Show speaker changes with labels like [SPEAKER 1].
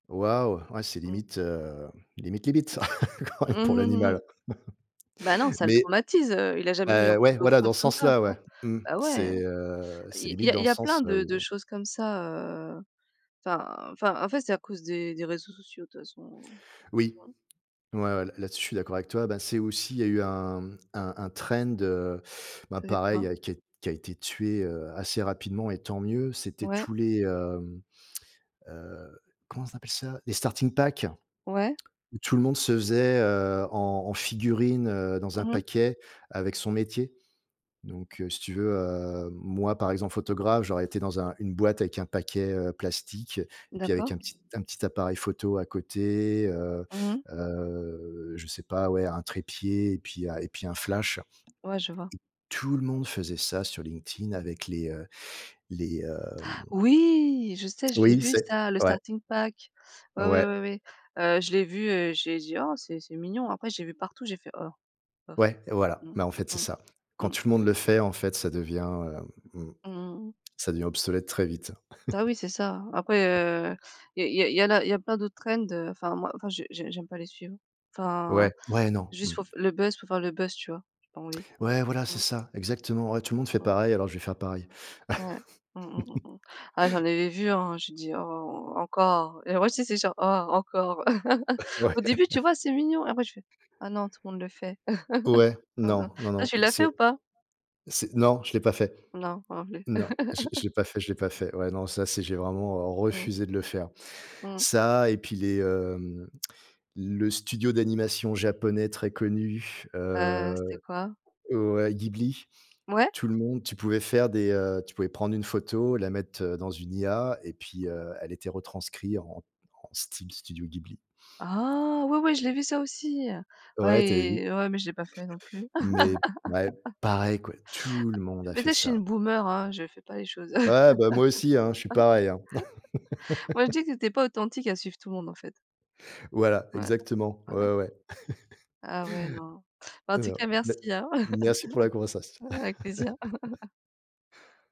[SPEAKER 1] Waouh, ouais, c'est
[SPEAKER 2] Mmh.
[SPEAKER 1] limite, heu, limite, limite pour l'animal,
[SPEAKER 2] Bah non, ça le
[SPEAKER 1] mais
[SPEAKER 2] traumatise, heu, il a jamais eu un
[SPEAKER 1] heu,
[SPEAKER 2] coup
[SPEAKER 1] ouais,
[SPEAKER 2] d'eau
[SPEAKER 1] voilà,
[SPEAKER 2] froide
[SPEAKER 1] dans ce
[SPEAKER 2] comme ça,
[SPEAKER 1] sens-là,
[SPEAKER 2] tu vois?
[SPEAKER 1] ouais, mmh,
[SPEAKER 2] Bah ouais,
[SPEAKER 1] c'est, heu,
[SPEAKER 2] il
[SPEAKER 1] c'est
[SPEAKER 2] y a il
[SPEAKER 1] limite
[SPEAKER 2] y a
[SPEAKER 1] dans
[SPEAKER 2] il
[SPEAKER 1] le
[SPEAKER 2] y a
[SPEAKER 1] sens
[SPEAKER 2] plein de
[SPEAKER 1] où
[SPEAKER 2] de choses comme ça, heu, enfin enfin, en fait, c'est à cause des des réseaux sociaux, de toute façon.
[SPEAKER 1] Oui,
[SPEAKER 2] Mmh
[SPEAKER 1] ouais, ouais, là-dessus, je suis d'accord avec toi. Ben, c'est aussi, il y a eu un, mmh, un un trend, heu, bah,
[SPEAKER 2] C'était
[SPEAKER 1] pareil, il
[SPEAKER 2] quoi?
[SPEAKER 1] a qui a été tué, heu, assez rapidement, et tant mieux. C'était
[SPEAKER 2] Ouais.
[SPEAKER 1] tous les, mmh, heu, comment on appelle ça? Les starting pack?
[SPEAKER 2] Ouais.
[SPEAKER 1] Où tout le monde se faisait, heu, en en figurine, heu, dans un
[SPEAKER 2] Mmh mh.
[SPEAKER 1] paquet avec son métier, donc heu, si tu veux, heu, moi, par exemple, photographe, j'aurais été dans un une boîte avec un paquet, heu, plastique et avec
[SPEAKER 2] D'accord.
[SPEAKER 1] un petit un petit appareil photo à côté, heu
[SPEAKER 2] Mmh mh.
[SPEAKER 1] heu, je sais pas, ouais, un trépied et puis un et puis un flash. Et
[SPEAKER 2] Ouais, je vois.
[SPEAKER 1] tout le monde faisait ça sur LinkedIn avec les, heu, les, hem
[SPEAKER 2] Oui, je sais, je l'ai
[SPEAKER 1] oui,
[SPEAKER 2] vu
[SPEAKER 1] c'est
[SPEAKER 2] ça, le
[SPEAKER 1] ouais.
[SPEAKER 2] starting pack. Ouais, ouais, ouais,
[SPEAKER 1] Ouais.
[SPEAKER 2] ouais, heu, je l'ai vu, et j'ai dit: «Oh, c'est c'est mignon.» Après, j'ai vu partout, j'ai fait: «Oh, bof.»
[SPEAKER 1] Ouais, et voilà,
[SPEAKER 2] Mmh.
[SPEAKER 1] mais en fait, c'est
[SPEAKER 2] Mmh.
[SPEAKER 1] ça. Quand
[SPEAKER 2] Mmh.
[SPEAKER 1] tout le monde le fait, en fait, ça devient, hem, mmh.
[SPEAKER 2] Mmh mh mh.
[SPEAKER 1] Ça devient obsolète très vite.
[SPEAKER 2] Bah oui, c'est ça. Après, heu, il y a il y a il y en a il y a plein d'autres trends heu, enfin moi je je j'aime pas les suivre. Enfin,
[SPEAKER 1] Ouais, ouais, non. Mmh.
[SPEAKER 2] juste pour le buzz pour faire le buzz, tu vois? J'ai pas envie.
[SPEAKER 1] Ouais, voilà, c'est
[SPEAKER 2] Mmh.
[SPEAKER 1] ça, exactement. Ouais, tout le monde fait
[SPEAKER 2] Mmh.
[SPEAKER 1] pareil. Alors, je vais faire pareil.
[SPEAKER 2] Ouais. Mmh, mmh, mmh. Ah, j'en avais vu, hein, j'ai dit: «Oh, encore», et moi, tu sais, j'étais genre: «Ah, encore».
[SPEAKER 1] Ouais.
[SPEAKER 2] Au début, tu vois? C'est mignon. Après, je fais: «Ah non! Tout le monde le fait.»
[SPEAKER 1] Ouais,
[SPEAKER 2] Mmh, mmh.
[SPEAKER 1] non, non,
[SPEAKER 2] Toi,
[SPEAKER 1] non,
[SPEAKER 2] tu l'as fait
[SPEAKER 1] c'est
[SPEAKER 2] ou pas?
[SPEAKER 1] c'est non, je l'ai pas fait.
[SPEAKER 2] Non, moi non plus.
[SPEAKER 1] Non, je l'ai je l'ai pas fait, je l'ai pas fait. Ouais, non, ça, c'est j'ai vraiment, heu,
[SPEAKER 2] Mmh.
[SPEAKER 1] refusé de le faire.
[SPEAKER 2] Mmh.
[SPEAKER 1] Ça, et puis les, hem, le studio d'animation japonais très connu,
[SPEAKER 2] Ah
[SPEAKER 1] heu,
[SPEAKER 2] c'était quoi?
[SPEAKER 1] ouais, Ghibli.
[SPEAKER 2] Ouais?
[SPEAKER 1] Tout le monde tu pouvais faire des, heu, tu pouvais prendre une photo, la mettre, heu, dans une IA, et puis, heu, elle était retranscrit en en Steam Studio Ghibli.
[SPEAKER 2] Ah oui, oui, je l'ai vu ça aussi, heu,
[SPEAKER 1] Ouais, tu as vu?
[SPEAKER 2] ouais, ouais, mais je l'ai pas fait non plus.
[SPEAKER 1] Mais ouais, pareil quoi, tout le monde
[SPEAKER 2] A
[SPEAKER 1] a fait
[SPEAKER 2] peut-être je suis
[SPEAKER 1] ça.
[SPEAKER 2] une boomer, hein, je fais pas les choses.
[SPEAKER 1] Ouais, bah, moi aussi, hein, je suis pareil, hein.
[SPEAKER 2] Moi, je dis que tu étais pas authentique à suivre tout le monde, en fait.
[SPEAKER 1] Voilà,
[SPEAKER 2] Ouais,
[SPEAKER 1] exactement,
[SPEAKER 2] ouais, ouais.
[SPEAKER 1] ouais, ouais.
[SPEAKER 2] Ah, ouais, non. Bah, en tout
[SPEAKER 1] Heu,
[SPEAKER 2] cas,
[SPEAKER 1] ben,
[SPEAKER 2] merci, hein.
[SPEAKER 1] merci pour la conversation.
[SPEAKER 2] Avec plaisir.